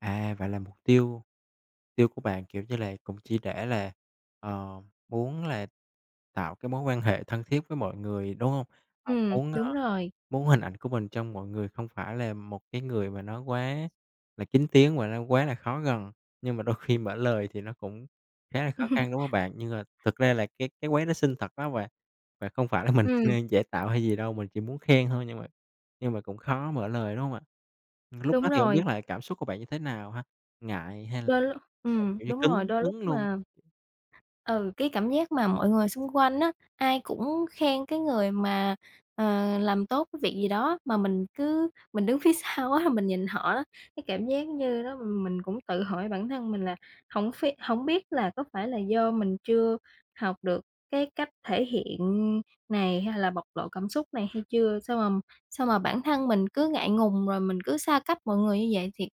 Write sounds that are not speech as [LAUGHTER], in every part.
À, vậy là mục tiêu tiêu của bạn, kiểu như là, cũng chỉ để là, ờ, muốn là tạo cái mối quan hệ thân thiết với mọi người, đúng hông? À, Ừm, muốn, a, đúng rồi. muốn hình ảnh của mình trong mọi người không phải là một cái người mà nó quá là kín tiếng và nó quá là khó gần, nhưng mà đôi khi mở lời thì nó cũng khá là khó [CHUCKLES] khăn, đúng hông bạn? Nhưng, ờ, thực ra là cái cái quán đó xinh thật, phải hông bạn? Và không phải là mình Ừm. đang giả tạo hay gì đâu, mình chỉ muốn khen thôi nhưng mà nhưng mà cũng khó mở lời, đúng không ạ? Lúc đó Đúng thì hổng biết rồi. là cảm xúc của bạn như thế nào ha, ngại hay là Đôi l hay là, ừm, kiểu như, đúng rồi, cứng đôi lúc cứng luôn? mà Ừ, cái cảm giác mà mọi người xung quanh á, ai cũng khen cái người mà, ờ, làm tốt cái việc gì đó mà mình cứ mình đứng phía sau á là mình nhìn họ á, cái cảm giác như đó mình cũng tự hỏi bản thân mình là hổng ph hổng biết là có phải là do mình chưa học được cái cách thể hiện này hay là bộc lộ cảm xúc này hay chưa? Sao mà sao mà bản thân mình cứ ngại ngùng rồi mình cứ xa cách mọi người như vậy? Thiệt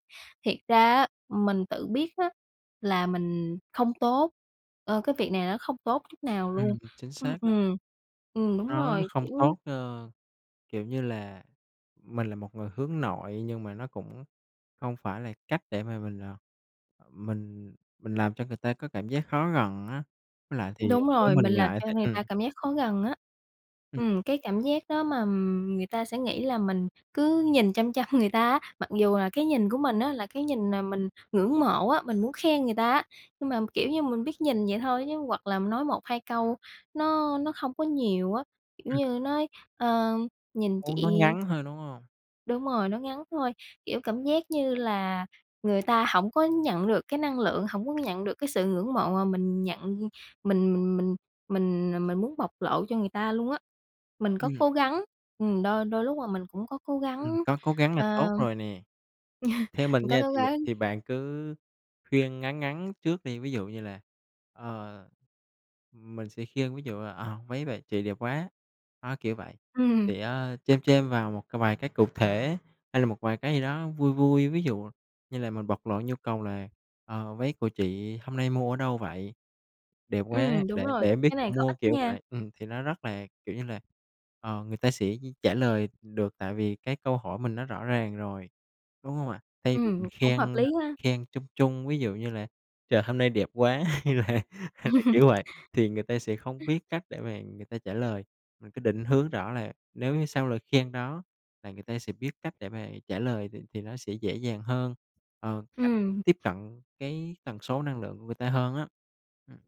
thiệt ra á, mình tự biết á là mình không tốt, ờ, cái việc này nó không tốt chút nào luôn. Ừm, chính Ừm, xác đó. ừm. Ừm, đúng Nó nó rồi, không kiểu tốt, ơ, kiểu như là, mình là một người hướng nội nhưng mà nó cũng hông phải là cách để mà mình, à, à, mình mình làm cho người ta có cảm giác khó gần á, với lại thì, à, Đúng nếu rồi, mình mình làm ngại th cho người ừm. ta cảm giác khó gần á. Ừm. Ừm, cái cảm giác đó mà, ừm, người ta sẽ nghĩ là mình cứ nhìn chăm chăm người ta á, mặc dù là cái nhìn của mình á là cái nhìn mà mình ngưỡng mộ á, mình muốn khen người ta á. Nhưng mà, kiểu như, mình biết nhìn vậy thôi chứ, hoặc là nói 1-2 câu nó nó không có nhiều á, kiểu Ừm. như nói, ờ, "nhìn Muốn nó chị" ngắn hơn, đúng hông? Đúng rồi, nó ngắn thôi, kiểu, cảm giác như là người ta hổng có nhận được cái năng lượng, hổng có nhận được cái sự ngưỡng mộ mà mình nhận mình mình mình mình, à, mình muốn bộc lộ cho người ta luôn á. Mình có Ừm. cố gắng, ừm, đôi đôi lúc là mình cũng có cố Ừm, gắng, có cố gắng là à, tốt rồi nè. Theo [CHUCKLES] mình mình có nha, cố thì, ờ, gắng. thì bạn cứ khuyên ngắn ngắn trước đi, ví dụ như là, ờ, mình sẽ khuyên ví dụ là, ờ, "Váy bà chị đẹp quá!", đó, kiểu vậy. Ừm. Thì á chêm chêm vào một c vài cái cụ thể hay là một vài cái gì đó vui vui, ví dụ như là mình bộc lộ nhu cầu là, ờ, "Váy của chị hôm nay mua ở đâu vậy? Đẹp quá, Ừm, đúng để để rồi, em biết cái chỗ này có mua", ích kiểu nha. vậy. Ừm, thì nó rất là, kiểu như là, ờ, người ta sẽ trả lời được tại vì cái câu hỏi mình nó rõ ràng rồi, đúng hông ạ? Thay vì Ừm, mình cũng khen, hợp ơ, lý ha. khen chung chung, ví dụ như là "Trời hôm nay đẹp quá!" hay là hay là [LAUGHS] kiểu vậy, thì người ta sẽ không biết cách để mà người ta trả lời, mình cứ định hướng rõ là nếu như sau lời khen đó là người ta sẽ biết cách để mà trả lời thì thì nó sẽ dễ dàng hơn, ờ, cách Ừm. tiếp cận cái tần số năng lượng người ta hơn á. Ừm.